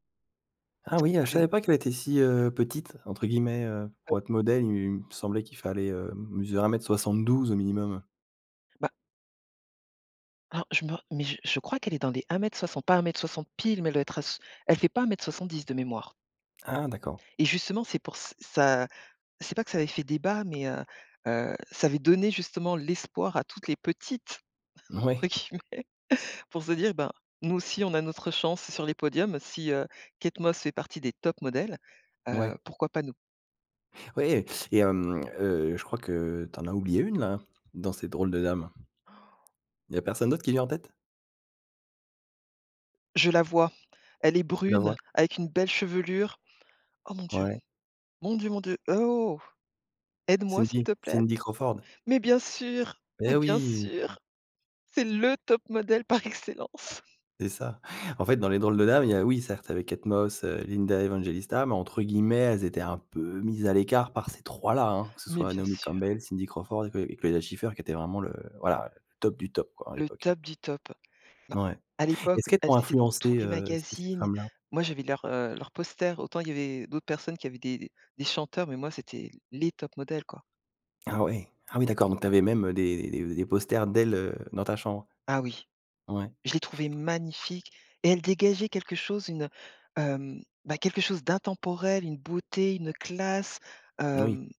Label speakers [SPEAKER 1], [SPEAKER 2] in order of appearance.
[SPEAKER 1] Ah oui, heu, je
[SPEAKER 2] Que
[SPEAKER 1] savais pas qu'elle était si, heu, «petite» entre guillemets, heu, pour être modèle, il me semblait qu'il fallait, heu, mesurer 1 m 72 au minimum.
[SPEAKER 2] Bah alors, je me mais je je crois qu'elle est dans les 1 m 60, pas 1 m 60 pile, mais elle doit être à s elle fait pas 1 m 70 de mémoire.
[SPEAKER 1] Ah d'accord.
[SPEAKER 2] Et justement, c'est pour ç ça c'est pas que ça avait fait débat, mais heu, heu, ça avait donné, justement, «l'espoir» à toutes les petites, entre
[SPEAKER 1] Mouais.
[SPEAKER 2] guillemets, pour se dire: «Ben, nous aussi, on a notre chance sur les podiums, si, heu, Kate Moss fait partie des tops modèles, heu,
[SPEAKER 1] Ouais.
[SPEAKER 2] pourquoi pas nous?»
[SPEAKER 1] Ouais, et hem, heu, je crois que tu en as oublié 1 là? Dans ces drôles de dames. Il y a personne d'autre qui vient en tête?
[SPEAKER 2] Je la vois. Elle est
[SPEAKER 1] Tu la vois?
[SPEAKER 2] brune avec une belle chevelure. Oh mon Dieu,
[SPEAKER 1] Ouais.
[SPEAKER 2] mon Dieu, mon Dieu, oh. Aide-moi, s'il
[SPEAKER 1] Cindy,
[SPEAKER 2] te plaît?
[SPEAKER 1] Cindy Crawford.
[SPEAKER 2] Mais bien sûr, mais
[SPEAKER 1] Et
[SPEAKER 2] bien
[SPEAKER 1] oui!
[SPEAKER 2] sûr! C'est le top modèle par excellence.
[SPEAKER 1] C'est ça. En fait, dans les drôles de dames, il y a, oui, certes, avec Kate Moss, heu, Linda Evangelista, mais entre guillemets, elles étaient un peu «mises à l'écart» par ces 3 là, hein. Que ce
[SPEAKER 2] Mais
[SPEAKER 1] soit
[SPEAKER 2] bien
[SPEAKER 1] Naomi
[SPEAKER 2] sûr.
[SPEAKER 1] Campbell, Cindy Crawford et que et Claudia Schiffer qui était vraiment le, voilà, top du top, quoi à
[SPEAKER 2] Le
[SPEAKER 1] l'époque, hein.
[SPEAKER 2] top du top. Bah
[SPEAKER 1] Ouais,
[SPEAKER 2] à
[SPEAKER 1] et
[SPEAKER 2] l'époque,
[SPEAKER 1] est-ce qu'elles
[SPEAKER 2] elles
[SPEAKER 1] t'ont
[SPEAKER 2] étaient dans tous
[SPEAKER 1] influencée,
[SPEAKER 2] les
[SPEAKER 1] heu, ces ces
[SPEAKER 2] magazines.
[SPEAKER 1] femmes-là?
[SPEAKER 2] Moi, j'avais leurs, heu, leurs posters. Autant, il y avait d'autres personnes qui avaient des des des chanteurs, mais moi, c'était les tops modèles, quoi.
[SPEAKER 1] Ah oui, ah oui, d'accord, donc tu avais même, heu, des des des posters d'elles, heu, dans ta chambre?
[SPEAKER 2] Ah oui.
[SPEAKER 1] Ouais.
[SPEAKER 2] Je les trouvais magnifiques, et elles dégageaient quelque chose une, heu, hem, bah, quelque chose d'intemporel, une beauté, une, heu, classe,
[SPEAKER 1] Moui.
[SPEAKER 2] hem.